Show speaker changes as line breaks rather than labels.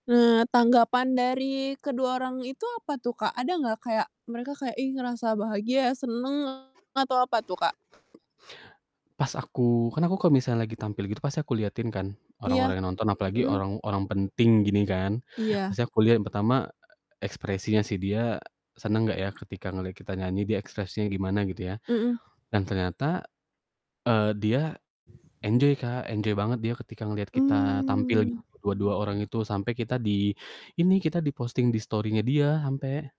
Nah, tanggapan dari kedua orang itu apa tuh, Kak? Ada nggak kayak mereka kayak, ih, ngerasa bahagia, seneng atau apa tuh, Kak?
Pas aku kan aku kalau misalnya lagi tampil gitu pasti aku liatin kan
Iya,
orang-orang yang nonton apalagi
mhm.
orang-orang penting gini kan,
Iya.
pasti aku liat yang pertama ekspresinya sih, dia seneng gak ya ketika ngeliat kita nyanyi dia ekspresinya gimana gitu ya,
Mhm.
dan ternyata, eee, dia enjoy, Kak, enjoy banget dia ketika ngeliat kita tampil
Mmm.
dua dua orang itu sampai kita di ini, kita di-posting di story-nya dia ampe.